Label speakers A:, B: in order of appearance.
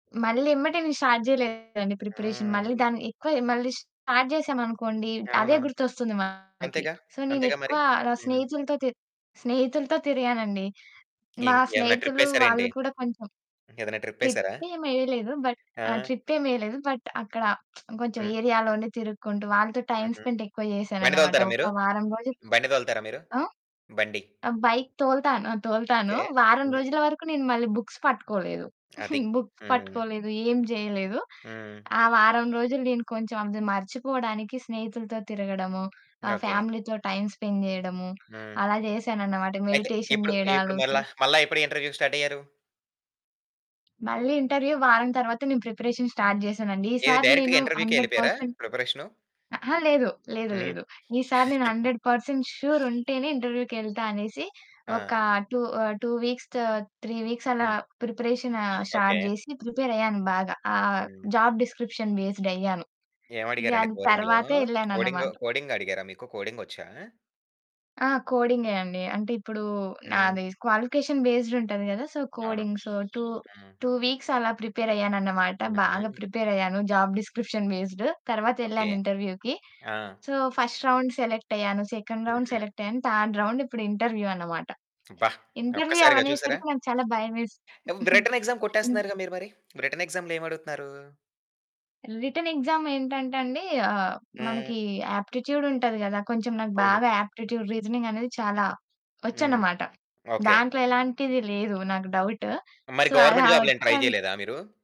A: మళ్ళీ ఎమ్మటే నేను స్టార్ట్ జేయలేదండి ప్రిపరేషన్. మళ్ళీ
B: హ్మ్.
A: దాని ఎక్కువ మళ్ళీ స్టార్ట్ జేసామనుకోండి అదే
B: అవును.
A: గుర్తొస్తుంది మనకి.
B: అంతేగా.
A: సో
B: అంతేగా మరి.
A: నేనెక్కువ ర
B: హ్మ్.
A: స్నేహితులతో తి స్నేహితులతో తిరిగాను అండి. మా
B: కిం ఏమన్నా
A: స్నేహితులు
B: ట్రిప్పేసారా
A: వాళ్ళు
B: ఏంటి?
A: కూడా కొంచెం
B: ఏదైనా ట్రిప్పేసారా?
A: ట్రిప్పేమెయ్యలేదు. బట్
B: ఆ!
A: ఆ! ట్రిప్పేమెయ్యలేదు. బట్ అక్కడ కొంచెం
B: హ్మ్.
A: ఏరియాలోనే తిరుక్కుంటూ వాళ్ళతో టైమ్
B: హుహు.
A: స్పెండ్ ఎక్కువ
B: బండి
A: జేశానన్నమాట.
B: తోలుతారా మీరు?
A: ఒక వారం రోజులు.
B: బండి తోలుతారా మీరు?
A: ఆ?
B: బండి?
A: బైక్ తోలుతాను, తోలుతాను.
B: ఓకే.
A: వారం రోజుల వరకు నేను మళ్ళీ బుక్స్ పట్టుకోలేదు.
B: అది.
A: బుక్స్
B: హ్మ్.
A: పట్టుకోలేదు. ఏం జేయలేదు.
B: హ్మ్.
A: ఆ వారం రోజులు నేను కొంచెం అది మర్చిపోవడానికి స్నేహితులతో తిరగడము, ఆహ్,
B: ఓకే.
A: ఫ్యామిలీతో టైమ్ స్పెండ్ జేయడము
B: హ్మ్.
A: అలా జేశానన్నమాట.
B: అయితే
A: మెడిటేషన్
B: ఎప్పుడు
A: జేయడాలు.
B: ఇప్పుడు
A: సో
B: మళ్ళా మళ్ళా ఎప్పుడు ఇంటర్వ్యూ స్టార్ట్ అయ్యారు?
A: మళ్ళీ ఇంటర్వ్యూ వారం తరువాత నేను ప్రిపరేషన్ స్టార్ట్ చేశానండి.
B: ఏది?
A: ఈసారి నేను
B: డైరెక్ట్‌గా ఇంటర్వ్యూకే
A: హండ్రెడ్
B: యెళ్ళిపోయారా?
A: పర్సెంట్
B: ప్రిపరేషను
A: అహా! లేదు, లేదు,
B: హ్మ్.
A: లేదు. ఈసారి నేను హండ్రెడ్ పర్సెంట్ ష్యూర్ ఉంటేనే ఇంటర్వ్యూకెళ్తా అనేసి
B: ఆ!
A: ఒక 2 ఆహ్, 2 వీక్స్, 3 వీక్స్ అలా
B: హ్మ్.
A: Preparation start
B: okay.
A: జేసి ప్రిపేరయ్యాను. బాగా ఆ
B: హ్మ్.
A: జాబ్ డిస్క్రిప్షన్ బేస్డ్ అయ్యాను. ఇగ
B: ఏమడిగారండి
A: అది
B: కోడింగ్‌లో?
A: తరువాతే
B: కోడింగ్
A: యెళ్ళానన్నమాట.
B: కోడింగడిగారా? మీకు కోడింగొచ్చా?
A: ఆ! కోడింగే అండి. అంటే ఇప్పుడు
B: హ్మ్.
A: నాది క్వాలిఫికేషన్ బేస్డ్ ఉంటది గదా! సో
B: అవును.
A: కోడింగ్. టూ
B: హ్మ్.
A: టూ వీక్స్ అలా ప్రిపేర్ అయ్యాను అన్నమాట. బాగా
B: హుహు.
A: ప్రిపేర్ అయ్యాను. Job description based
B: okay.
A: తరువాతెళ్ళాను ఇంటర్వ్యూకి.
B: ఆ!
A: సో, ఫస్ట్ రౌండ్ సెలెక్ట్ అయ్యాను. సెకండ్ రౌండ్
B: హుహు.
A: సెలెక్ట్ అయ్యాను. థర్డ్ రౌండ్ ఇప్పుడు ఇంటర్వ్యూ అన్నమాట.
B: అబ్బా!
A: ఇంటర్వ్యూ
B: ఒక్కసారిగా చూసారా?
A: అవనేసరికి నాకు చాలా భయమేసింది.
B: వ్రిటెన్ ఎగ్సామ్
A: హ్మ్.
B: కొట్టేస్తున్నారుగా మీరు మరి. వ్రిటెన్ ఎగ్సామ్‌లో ఏమడుగుతున్నారు?
A: రిటెన్ ఎక్సామ్ ఏంటంటే అండి ఆహ్,
B: హ్మ్.
A: మనకి ఆప్టిట్యూడ్ ఉంటది గదా! కొంచెం నాకు
B: అవును.
A: బాగా ఆప్టిట్యూడ్, రీజనింగ్ అనేది చాలా
B: హ్మ్.
A: వచ్చన్నమాట.
B: ఓకే.
A: దాంట్లో ఎలాంటిది లేదు నాకు డౌట్.
B: మరి
A: సో అలా
B: గవర్నమెంట్ జాబ్లు ఏం ట్రై
A: వచ్చాను
B: జేయలేదా మీరు?